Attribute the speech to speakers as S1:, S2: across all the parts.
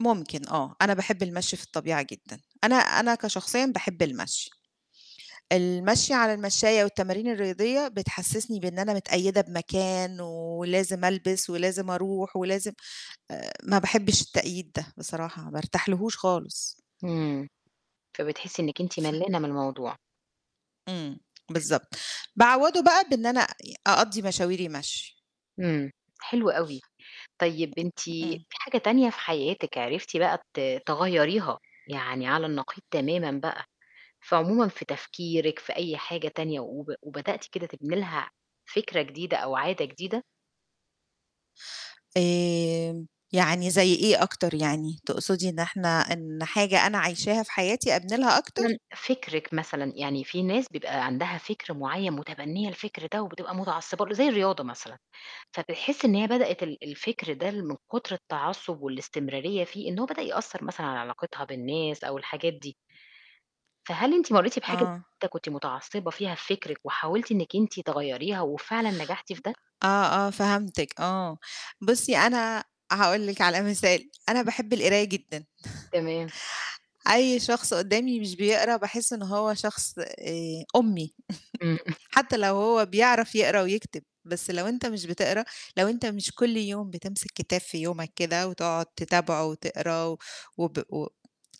S1: ممكن آه. أنا باحب المشي في الطبيعية جدًا، أنا أنا كشخصيًا باحب المشي. المشي على المشّاية والتمارين الرياضية بتحسسني بإن أنا متقيدة بمكان ولازم ألبِس ولازم أروح ولازم آآ ما باحبش التقييد ده، بصراحة ما أرتاح لهوش خالص.
S2: إمم. فبتحسّي إنِّك أنتِ
S1: ف
S2: ملّانة من الموضوع.
S1: إمم، بالضبط باعوّضه بقى بإن أنا يع أقضّي مشاويري مشي.
S2: إمم، حلو أوي. طيب أنتِ
S1: أ
S2: في
S1: إمم.
S2: حاجة تانية في حياتِك عرفتِ بقى ت تغيّريها يعني على النقيض تمامًا بقى في عمومًا في تفكيرِك في أي حاجة تانية وب وبدأتِ كده تبني لها فكرة جديدة أو عادة جديدة؟
S1: آمم، يعني زي إيه أكتر يعني؟ تقصدي إن إحنا إن حاجة أنا عايشاها في حياتي أبني لها أكتر؟
S2: [unintelligible] فِكرِك مثلًا يعني في ناس بيبقى عندها فِكر معيّن مُتبنية الفِكر ده وبتبقى متعصبة ل زي الرياضة مثلًا، فبتحسي إن هي بدأتِ ال الفِكر ده اللي من كُتر التعصُب والإستمرارية فيه إن هو بدأ يأثّر مثلًا على علاقتها بالناس أو الحاجات دي. فهل أنتِ مرّيتِ بحاجة زي
S1: آه.
S2: كده كنتِ متعصبة فيها بفِكرِك وحاولتِ إنِّك أنتِ تغيّريها وفعلًا نجحتِ في ده؟
S1: آه، آه، فهمتِك، آه. بُصّي أنا هاقول لِك على مثال، أنا باحب القراية جدًا،
S2: تمام.
S1: أي شخص قدّامي مش بيقرا باحِس إن هو شخص آآ أُمي
S2: إمم.
S1: حتى لو هو بيعرف يقرا ويكتب بس لو أنت مش بتقرا، لو أنت مش كل يوم بتمسك كتاب في يومك كده وتقعُد تتابعه وتقراه و وب و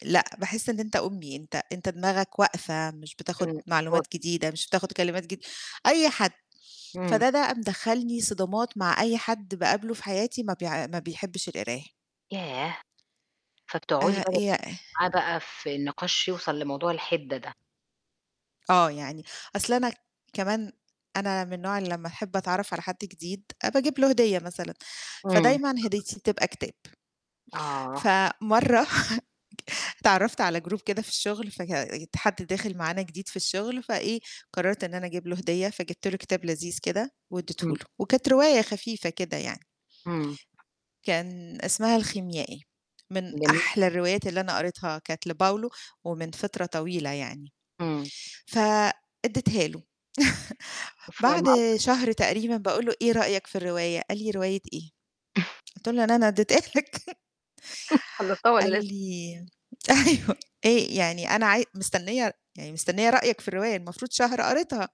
S1: لأ، باحِس إن أنت أُمي، أنت أنت دماغك واقفة مش بتاخُد
S2: إمم.
S1: معلومات
S2: [unintelligible]
S1: جديدة مش بتاخُد كلمات جد أي حد.
S2: إمم.
S1: فده ده مدخّلني صدامات مع أي حد باقابله في حياتي ما بيع ما بيحبش القراية.
S2: ياه! فبتقعُدي
S1: آآ
S2: [unintelligible]
S1: ي أه
S2: معاه بقى في النِقاش يوصل لموضوع الحِدة ده.
S1: آه، يعني أصل أنا ك كمان أنا من نوع اللي لمّا أحب أتعرف على حد جديد آآ باجيب له هدية مثلًا،
S2: إمم.
S1: فدايمًا هديتي بتبقى كتاب.
S2: آه.
S1: فمرّة ك اتعرّفت على group كده في الشُغل فك يت حد داخِل معانا جديد في الشُغل فإيه، قررت إن أنا أجيب له هدية فجِبت له كتاب لذيذ كده واديته
S2: إمم.
S1: له، وكانت رواية خفيفة كده يعني.
S2: إمم.
S1: كان اسمها الخيميائي، من
S2: جميل.
S1: أحلى الروايات اللي أنا قريتها كانت لPaulo ومن فِطرة طويلة يعني.
S2: إمم.
S1: ف ادّيتها له
S2: فاهمة
S1: بعد
S2: قصدِك.
S1: شهر تقريبًا باقول له: "إيه رأيك في الرواية؟" قال لي: "رواية إيه؟" قُلت له: "اللي أنا ادّيتها لك."
S2: خلّصتها
S1: قال
S2: والّا لسه؟
S1: لي أيوه آآ يعني أنا عاي مستنية يعني مستنية رأيك في الرواية، المفروض شهر قريتها.